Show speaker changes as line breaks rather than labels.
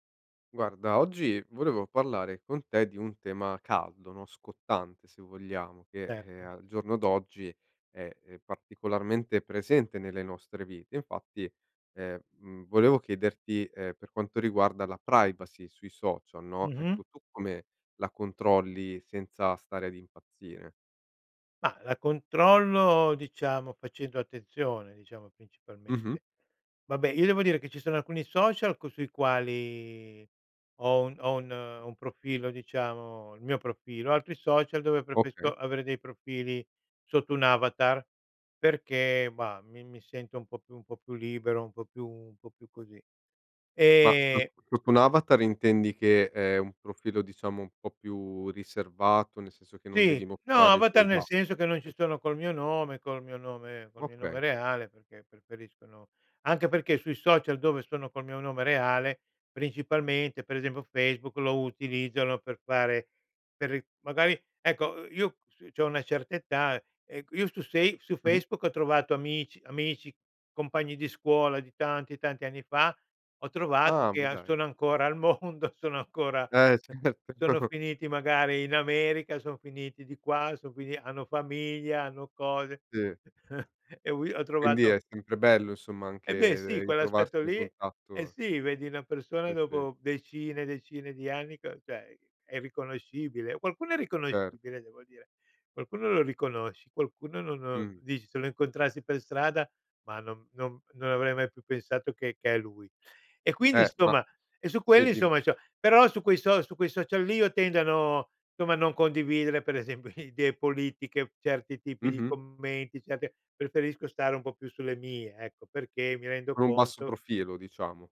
Guarda, oggi volevo parlare con te di un tema caldo, no, scottante se vogliamo, che
Certo.
al giorno d'oggi è, ehm, particolarmente presente nelle nostre vite. Infatti, ehm, mhmm, volevo chiederti, ehm, per quanto riguarda la privacy sui social, no,
Mh-mh.
ecco, tu come la controlli senza stare ad impazzire?
Mah, la controllo, diciamo, facendo attenzione, diciamo,
Mh-mh.
principalmente. Vabbè, io devo dire che ci sono alcuni social co sui quali ho un ho un profilo, diciamo, il mio profilo, altri social dove
Okay.
preferisco avere dei profili sotto un avatar, perché, bah, mi mi sento un po' più un po' più libero, un po' più un po' più così.
Ma
Ehm
[unintelligible] con un avatar intendi che è un profilo diciamo un po' più riservato, nel senso che non
Sì,
devi
no,
mostrare
avatar
dei
nel senso
dati?.
che non ci
[unintelligible]
sono col mio nome col mio nome col mio nome
Okay.
reale, perché preferisco, no anche perché sui social dove sono col mio nome reale, principalmente per esempio Facebook, lo utilizzo, no, per fare per ri magari, ecco, i io s c'ho una certa età, e q io su sei su
Mh-mh.
Facebook ho trovato amici amici, compagni di scuola di tanti tanti anni fa, ho trovato
Ah,
che
ma
a
dai.
sono ancora al mondo, sono ancora
Eh, sì. [unintelligible]
sono finiti magari in America, son finiti di qua, sono fini hanno famiglia, hanno cose
Sì.
e ho vi ho
Quindi
trovato
è sempre bello insomma
E beh
anche
sì, quell'aspetto
ritrovarsi in
lì eh
contatto
sì, vedi una persona
Sì, sì.
dopo decine e decine di anni, c cioè è irriconoscibile. Qualcuno è
Cer
riconoscibile, devo dire, qualcuno lo riconosci, qualcuno non non,
Mh.
dici: "Se lo incontrassi per strada, ma non non non avrei mai più pensato che che è lui." E quindi,
Eh ma
insomma e su
sì,
quelli,
dim
insomma, c'ho però su quei so su quei social lì io tendo a no somma, a non condividere per esempio idee politiche, certi tipi di
Mh-mh.
commenti, certe preferisco stare un po' più sulle mie, ecco, perché mi rendo
Con un basso
conto
profilo diciamo.